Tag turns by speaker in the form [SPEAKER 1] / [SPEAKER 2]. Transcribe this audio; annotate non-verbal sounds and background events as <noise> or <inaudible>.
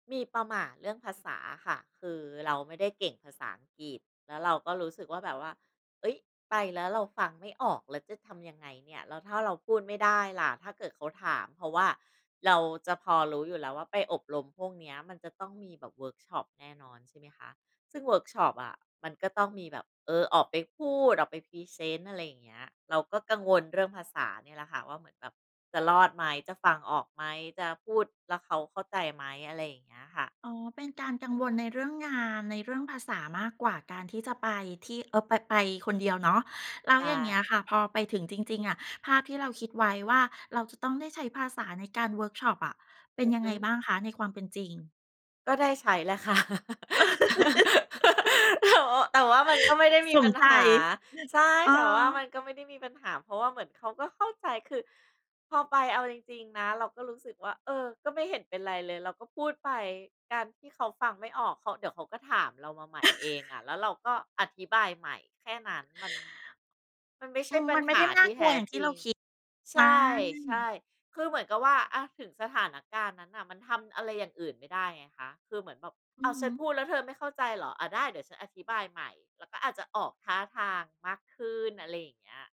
[SPEAKER 1] มีประหม่าเรื่องภาษาอะค่ะ คือเราไม่ได้เก่งภาษาอังกฤษ แล้วเราก็รู้สึกว่า แบบว่า "เฮ้ย ไปแล้วเราฟังไม่ออกแล้วจะทำยังไงเนี่ย? แล้วถ้าเราพูดไม่ได้ล่ะ? ถ้าเกิดเขาถาม" เพราะว่าเราจะพอรู้อยู่แล้วว่า ไปอบรมพวกเนี้ยมันจะต้องมีแบบเวิร์กช็อปแน่นอนใช่ไหมคะ ซึ่งเวิร์กช็อปอะมันก็ต้องมีแบบ เออ ออกไปพูด ออกไปพรีเซนต์ อะไรอย่างเงี้ย เราก็กังวลเรื่องภาษาเนี่ยแหละค่ะว่า เหมือนแบบจะรอดไหม? จะฟังออกไหม? จะพูดแล้วเขาเข้าใจไหม? อะไรอย่างเงี้ยค่ะ
[SPEAKER 2] อ๋อ เป็นการกังวลในเรื่องงาน ในเรื่องภาษามากกว่าการที่จะไปที่ เอ่อ ไป ไปคนเดียวเนาะ แล้
[SPEAKER 1] ใช
[SPEAKER 2] วอย่างเงี้ย
[SPEAKER 1] ่
[SPEAKER 2] ค่ะ พอไปถึงจริง ๆ อะ ภาพที่เราคิดไว้ว่า เราจะต้องได้ใช้ภาษาในการเวิร์กช็อปอะ เป็
[SPEAKER 1] อ
[SPEAKER 2] น
[SPEAKER 1] ือ
[SPEAKER 2] ยั
[SPEAKER 1] ฮ
[SPEAKER 2] งไง
[SPEAKER 1] ึ
[SPEAKER 2] บ้างคะ? ในความเป็นจริง
[SPEAKER 1] ก็ได้ใช้แหละค่ะ
[SPEAKER 2] <laughs>
[SPEAKER 1] <laughs> แต่ว่า แต่ว่ามันก็ไม่ได้ม
[SPEAKER 2] ส
[SPEAKER 1] ีป
[SPEAKER 2] ม
[SPEAKER 1] ัญ
[SPEAKER 2] ไต
[SPEAKER 1] หา ใช่
[SPEAKER 2] เอ
[SPEAKER 1] แต่ว่ามั
[SPEAKER 2] อ
[SPEAKER 1] นก็ไม่ได้มีปัญหา เพราะว่าเหมือนเขาก็เข้าใจ คือพอไป เอาจริง ๆ นะเราก็รู้สึกว่า เออ ก็ไม่เห็นเป็นไรเลย เราก็พูดไป การที่เขาฟังไม่ออก เขา เดี๋ยวเขาก็ถามเรามาใหม่เองอะ
[SPEAKER 2] <chuckles>
[SPEAKER 1] แล้วเราก็อธิบายใหม่ แค่นั้น มัน มันไม่ใช
[SPEAKER 2] อื
[SPEAKER 1] ่
[SPEAKER 2] ม
[SPEAKER 1] ปั
[SPEAKER 2] ม
[SPEAKER 1] ญ
[SPEAKER 2] ันไม
[SPEAKER 1] ห
[SPEAKER 2] ่ได้
[SPEAKER 1] า
[SPEAKER 2] ไม่
[SPEAKER 1] ท
[SPEAKER 2] น่
[SPEAKER 1] ี
[SPEAKER 2] า
[SPEAKER 1] ่
[SPEAKER 2] ก
[SPEAKER 1] แ
[SPEAKER 2] ล
[SPEAKER 1] ท
[SPEAKER 2] ัว
[SPEAKER 1] ้
[SPEAKER 2] อย่างท
[SPEAKER 1] จ
[SPEAKER 2] ี่
[SPEAKER 1] ริ
[SPEAKER 2] เรา
[SPEAKER 1] ง
[SPEAKER 2] คิด
[SPEAKER 1] ใช
[SPEAKER 2] อา
[SPEAKER 1] ่ ใช่ คือเหมือนกับว่า อะ ถึงสถานการณ์นั้นน่ะมันทำอะไรอย่างอื่นไม่ได้ไงคะ คือเหมือนแบบ
[SPEAKER 2] อื
[SPEAKER 1] "อ้
[SPEAKER 2] อ
[SPEAKER 1] าว
[SPEAKER 2] ฮ
[SPEAKER 1] ฉ
[SPEAKER 2] ึ
[SPEAKER 1] ันพูดแล้วเธอไม่เข้าใจเหรอ? อะ ได้ เดี๋ยวฉันอธิบายใหม่" แล้วก็อาจจะออกท่าทางมากขึ้น อะไรอย่างเงี้ย